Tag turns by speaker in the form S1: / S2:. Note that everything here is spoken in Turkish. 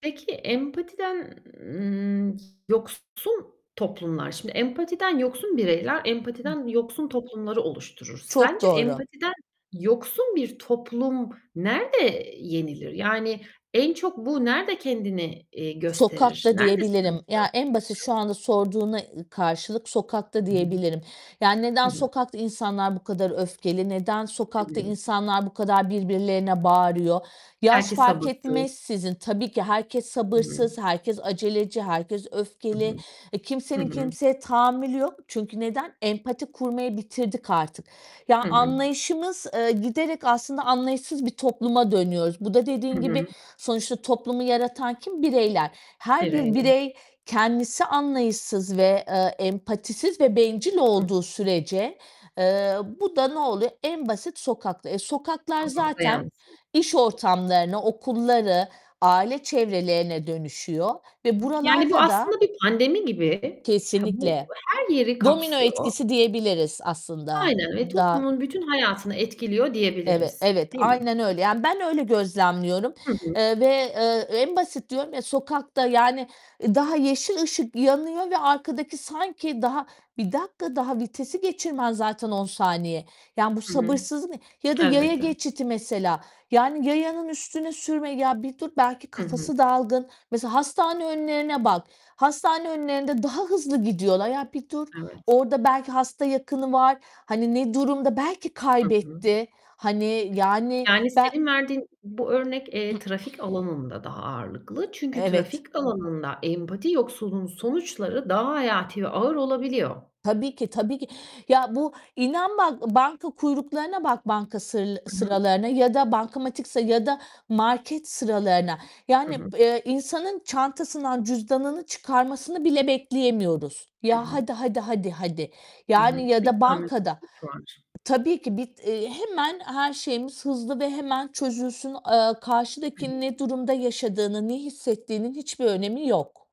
S1: Peki, empatiden, ııı, yoksun toplumlar, şimdi empatiden yoksun bireyler empatiden yoksun toplumları oluşturur.
S2: Çok
S1: Sence
S2: doğru.
S1: empatiden yoksun bir toplum nerde yenilir yani en çok bu nerede kendini, eee, gösterir?
S2: Sokakta
S1: Nerede
S2: diyebilirim.
S1: sıkıntılar
S2: Ya, en basit
S1: [unintelligible]
S2: şu anda sorduğuna, ııı, karşılık sokakta
S1: Hı hı.
S2: diyebilirim. Yani, neden
S1: Hı hı.
S2: sokakta insanlar bu kadar öfkeli? Neden
S1: Hı
S2: sokakta
S1: hı.
S2: insanlar bu kadar birbirlerine bağırıyor? Yaş
S1: Belki
S2: fark
S1: sabırsız.
S2: etmeksizin, tabii ki herkes
S1: Hı hı.
S2: sabırsız, herkes aceleci, herkes
S1: Hı
S2: öfkeli.
S1: hı.
S2: E,
S1: Hı
S2: kimsenin
S1: hı.
S2: kimseye tahammülü yok. Çünkü neden? Empati kurmayı bitirdik artık. Ya,
S1: Hı hı.
S2: anlayışımız, eee, giderek aslında anlayışsız bir topluma dönüyoruz. Bu da
S1: Hı
S2: dediğin
S1: hı.
S2: gibi, sonuçta toplumu yaratan kim? Bireyler. Her bir
S1: [unintelligible]
S2: birey kendisi anlayışsız ve, eee, empatisiz ve bencil
S1: Hı hı.
S2: olduğu sürece, eee, bu da noluyor? En basit sokakta. E, sokaklar
S1: Sokakta [unintelligible]
S2: zaten iş ortamlarına, okulları, aile çevrelerine dönüşüyor ve
S1: Yani bu
S2: buralarda da
S1: aslında bir pandemi gibi. Ha, bu
S2: Kesinlikle.
S1: her yeri
S2: Domino
S1: kapsıyor.
S2: etkisi diyebiliriz aslında.
S1: Aynen ve
S2: Da
S1: toplumun bütün hayatını etkiliyor
S2: Eve
S1: diyebiliriz,
S2: evet,
S1: değil mi?
S2: aynen öyle yani ben öyle gözlemliyorum,
S1: Hı hı.
S2: eee, ve, eee, en basit diyorum ya sokakta, yani, daha yeşil ışık yanıyor ve arkadaki sanki daha, bir dakika daha vitesi geçirmen zaten 10. Ya, bu
S1: Hı hı.
S2: sabırsızlık ne? Ya da yaya
S1: Elbette.
S2: geçidi mesela. Yani yayanın üstüne sürme, ya, bir dur, belki
S1: Hı hı.
S2: kafası dalgın. Mesela hastane önlerine bak. Hastane önlerinde daha hızlı gidiyorlar. Ya, bir dur.
S1: Evet.
S2: Orada belki hasta yakını var. Hani ne durumda? Belki
S1: Hı hı.
S2: kaybetti. Hani, yani
S1: Yani
S2: ben
S1: senin verdiğin bu örnek, eee, trafik alanında daha ağırlıklı. Çünkü
S2: Evet.
S1: trafik alanında empati yoksulluğunun sonuçları daha hayati ve ağır olabiliyor.
S2: Tabii ki, tabii ki. Ya, bu İnan bak banka kuyruklarına bak banka sır
S1: Hı hı.
S2: sıralarına ya da bankamatik sır ya da market sıralarına.
S1: Hı
S2: Yani,
S1: hı.
S2: b eee, insanın çantasından cüzdanını çıkarmasını bile bekleyemiyoruz.
S1: Hı
S2: Ya,
S1: hı.
S2: "Hadi, hadi, hadi, hadi."
S1: Hı
S2: Yani,
S1: hı.
S2: ya
S1: Bir
S2: da bankada.
S1: tahammülsüzlük var.
S2: Tabii ki, bit eee, hemen her şeyimiz hızlı ve hemen çözülsün. Eee,
S1: Hı
S2: karşıdakinin
S1: hı.
S2: ne durumda yaşadığını, ne hissettiğinin hiçbir önemi yok.